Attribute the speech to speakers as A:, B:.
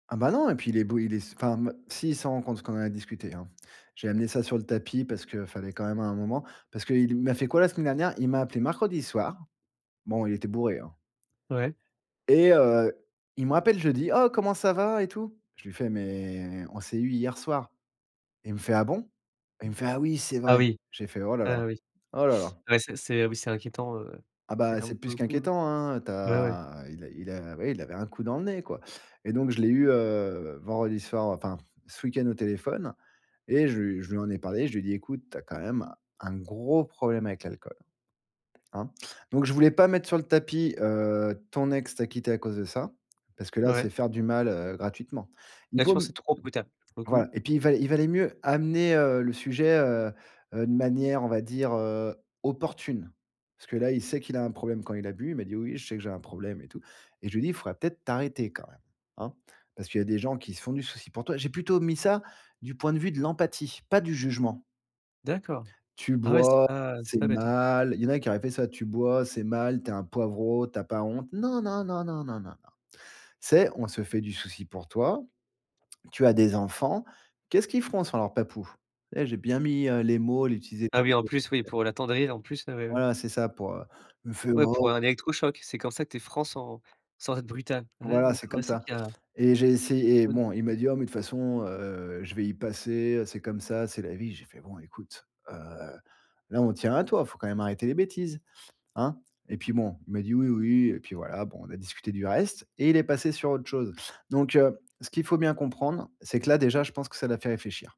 A: Ah bah non et puis il est bo il est s enfin, hem, si il s'en rend compte parce qu'on en a discuté, hein. J'ai amené ça sur le tapis parce qu'il fallait, quand même à un moment. Parce qu'il m'a fait quoi la semaine dernière? Il m'a appelé mercredi soir, bon il était bourré hein
B: Ouais.
A: et heu, il me rappelle jeudi: «Oh comment ça va, et tout?» Je luis fais: «Mais on s'est eu hier soir» et il me fait: «Ah bon?» Il me fait: «Ah oui, c'est vrai!»
B: Ah oui,
A: J'ai fait: «Oh là là!
B: ah oui.
A: Oh là là!»
B: Ouais c'est c'est oui c'est inquiétant, heu,
A: Ah bah
B: carrément
A: c'est
B: pour
A: plus
B: le coup.
A: qu'inquiétant, hein, heu. Tu
B: Ouais, ouais.
A: as il a il a oui il avait un coup dans le nez, quoi, et donc je l'ai eu, heu, vendredi soir, enfin ce week-end au téléphone et je lui je lui en ai parlé. Je lui ai dit: «Écoute, tu as quand même un un gros problème avec l'alcool, hein», donc je voulais pas mettre sur le tapis, heu: «Ton ex t'a quitté à cause de ça» parce que là c'est
B: Ouais.
A: faire du mal, heu, gratuitement. Il
B: Là tu
A: vaut
B: penses que
A: m
B: c'est trop brutal pour le
A: voilà,
B: coup?
A: et puis il va il valait mieux amener, heu, le sujet heu heu, de manière on va dire, heu, opportune. Parce que là il sait qu'il a un problème quand il a bu. Il m'a dit: «Oui je sais que j'ai un problème et tout.» et je lui ai dit: «Faudrait peut-être t'arrêter quand même, hein? Parce qu'il y a des gens qui se font du souci pour toi». J'ai plutôt mis ça du point de vue de l'empathie, pas du jugement
B: D'accord.
A: «Tu
B: Ah ouais c'est
A: bois,
B: pas c'est
A: c'est
B: pas bête, ouais.
A: mal.» Il y en a qui auraient fait ça: «Tu bois c'est mal, tu es un poivrot, tu as pas honte?» Non, non, non, non, non, non, non. «Tu sais? On se fait du soucis pour toi, tu as des enfants, qu'est-ce qu'ils feront sans leur papou?» et j'ai bien mis, heu, les mots, j'ai utilisé
B: Ah oui en plus, oui,
A: [unintelligible]
B: pour l'attendrir en plus, heu
A: Voilà, c'est ça pour heu il me fait:
B: Ouais pour
A: «Oh!»
B: un électrochoc. C'est comme ça que tu es franc sans sans être brutal. Ah ouais
A: Voilà, c'est
B: d'accord, ouais
A: comme
B: c'est vrai
A: ça,
B: qu'il y a
A: et j'ai essayé et bon il
B: [unintelligible]
A: m'a dit: «Oh mais de toute façon, heu, je vais y passer, heu, c'est comme ça, c'est la vie». J'ai fait: «Bon écoute, heu, là on tient à toi, faut quand même arrêter les bêtises, hein?» et puis bon il m'a dit: «Oui, oui» et puis voilà, bon, on a discuté du reste, et il est passé sur autre chose. Donc heu, ce qu'il faut bien comprendre, c'est que là déjà, je pense que ça l'a fait réfléchir!